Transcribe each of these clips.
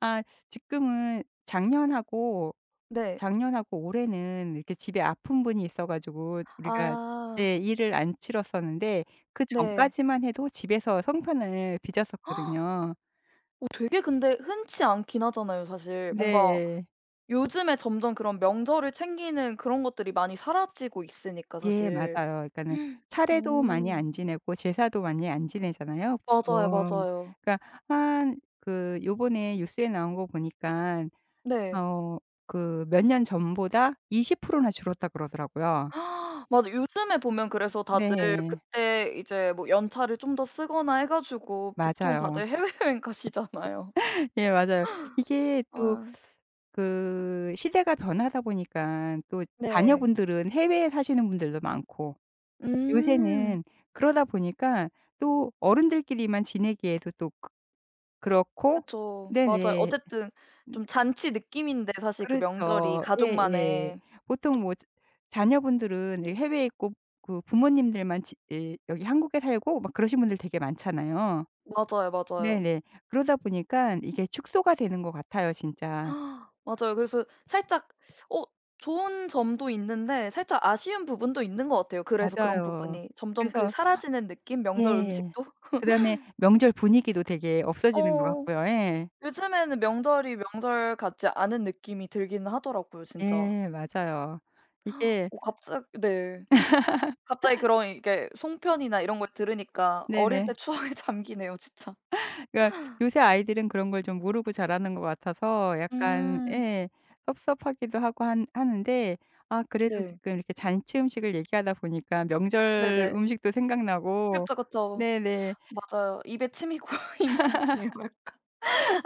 아 지금은 작년하고, 네. 작년하고 올해는 이렇게 집에 아픈 분이 있어 가지고, 우리가 아. 네 일을 안 치렀었는데 네. 그전까지만 해도 집에서 송편을 빚었었거든요. 어 되게 근데 흔치 않긴 하잖아요 사실. 뭔가 네. 요즘에 점점 그런 명절을 챙기는 그런 것들이 많이 사라지고 있으니까 예 맞아요. 사실. 그러니까는 차례도 많이 오. 안 지내고 제사도 많이 안 지내잖아요? 맞아요, 보통 맞아요. 그러니까 한 그 요번에 뉴스에 나온 거 보니까 네. 어 그 "몇 년 전보다 20%나 줄었다." 그러더라고요. 맞아. 요즘에 보면 그래서 다들 네. 그때 이제 뭐 연차를 좀 더 쓰거나 해 가지고 보통 맞아요 다들 해외여행 가시잖아요. 예. 맞아요. 이게 어. 또 그 시대가 변하다 보니까 또 네. 자녀분들은 해외에 사시는 분들도 많고 음. 요새는 그러다 보니까 또 어른들끼리만 지내기에도 또 그 그렇고 그쵸. 맞아요. 네네. 어쨌든 좀 잔치 느낌인데 사실 그 명절이 그렇죠. 예예. 가족만의 보통 뭐 자녀분들은 이 해외에 있고 그 부모님들만 지 예 여기 한국에 살고 막 그러신 분들 되게 많잖아요. 맞아요, 맞아요. 네네 그러다 보니까 이게 축소가 되는 것 같아요 진짜. 맞아요. 그래서 살짝 어 좋은 점도 있는데 살짝 아쉬운 부분도 있는 것 같아요. 그래서 그런 맞아요. 부분이 점점 그 그래서 사라지는 느낌? 명절 예. 음식도? 그다음에 명절 분위기도 되게 없어지는 것 어 같고요. 예. 요즘에는 명절이 명절 같지 않은 느낌이 들긴 하더라고요 진짜. 예 맞아요. 이게 어 갑자기 네. 갑자기 그런 이렇게 송편이나 이런 걸 들으니까 어릴 네네. 때 추억에 잠기네요 진짜. 그러니까 요새 아이들은 그런 걸 좀 모르고 자라는 것 같아서 약간 음. 예, 섭섭하기도 하고 한 하는데 아 그래도 네. 지금 이렇게 잔치 음식을 얘기하다 보니까 명절 네네. 음식도 생각나고 그쵸, 그쵸. 네네. 맞아요. 입에 침이 고이는데요 약간.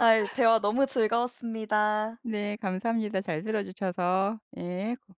아이 대화 너무 즐거웠습니다. 네. 감사합니다. 잘 들어주셔서. 예. 고